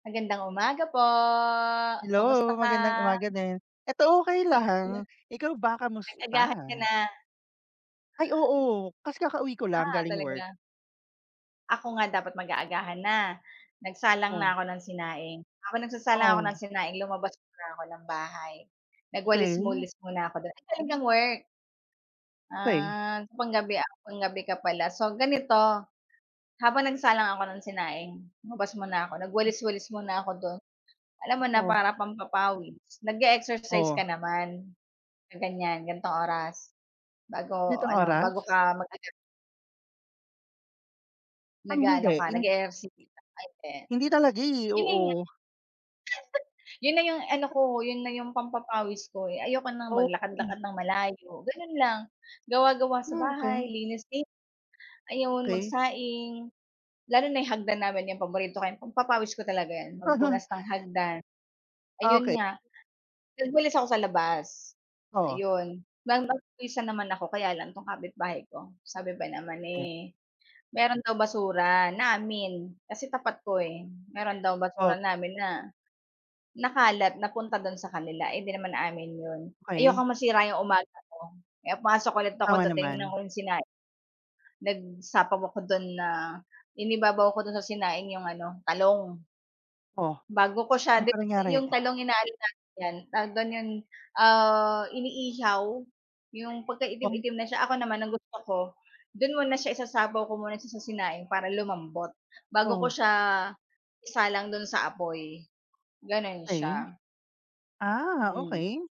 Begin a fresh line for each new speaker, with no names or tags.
Magandang umaga po kamusta
Hello,
ka?
magandang umaga din eto okay
Hala,
lang, ikaw ba kamusta?
nag-agahan ka na?
Ay, oo kasi kakauwi ko lang
Ah,
galing work.
talaga. Ako nga dapat mag-aagahan na, nagsalang
Oo.
na ako ng sinaing ako nagsasalang ako ng
O.
sinaing lumabas muna ako ng bahay
Okay.
nagwalis-walis muna ako dun, ay galing kang work.
Okay.
Ah, panggabi panggabi ka pala so ganito habang nagsalang ako ng sinaing lumabas muna ako nag-walis-walis muna ako do'n alam mo na
Oo.
para pampapawis nag-e-exercise
Oh.
ka naman sa ganyan gantong oras bago
Nitong
ano
oras.
bago ka mag-ano?
Ah, hindi
Nag-aano ka
in.
nag-eehersisyo ka o hindi?
Hindi talaga eh
Yun nanga.
oo.
Yun na yung ano ko yun na yung pampapawis ko eh, ayoko ng
Oo.
maglakad-lakad ng malayo, ganun lang gawa gawa sa bahay
Okay.
linis din ayun
Okay.
magsaing, lalo na yung hagdan namin yung paborito kay pagpapawis ko talaga yun, magpunas ng hagdan ayun
Okay.
nga, nag walis ako sa labas,
O.
ayon pinagpawisan naman ako kaya lang tong kapitbahay ko sabi ba naman
Eh.
eh, meron daw basura namin kasi tapat ko eh meron daw
Oh.
basura namin na nakalat napunta dun sa kanila, hindi naman amin yun,
Okey.
ayokong masira yung umaga ko kaya pumasok ulit ako
Tama
dun tinignan
naman.
ko yung sinaing nagsapaw ako dun na, inibabaw ako dun sa sinaing yung ano talong.
Oh,
Bago ko siya
ano pang
'yong
nangyari?
talong inaano namin yan tawag do'n yon iniihaw yong
Oo.
pagkaitim-itim na siya ako naman ang gusto ko do'n muna siya isasapaw ko muna siya sa sinaing para lumambot bago ko
Oo.
siya isalang do'n sa apoy, gano'n
Okay,
siya.
ah
Hmm.
okay.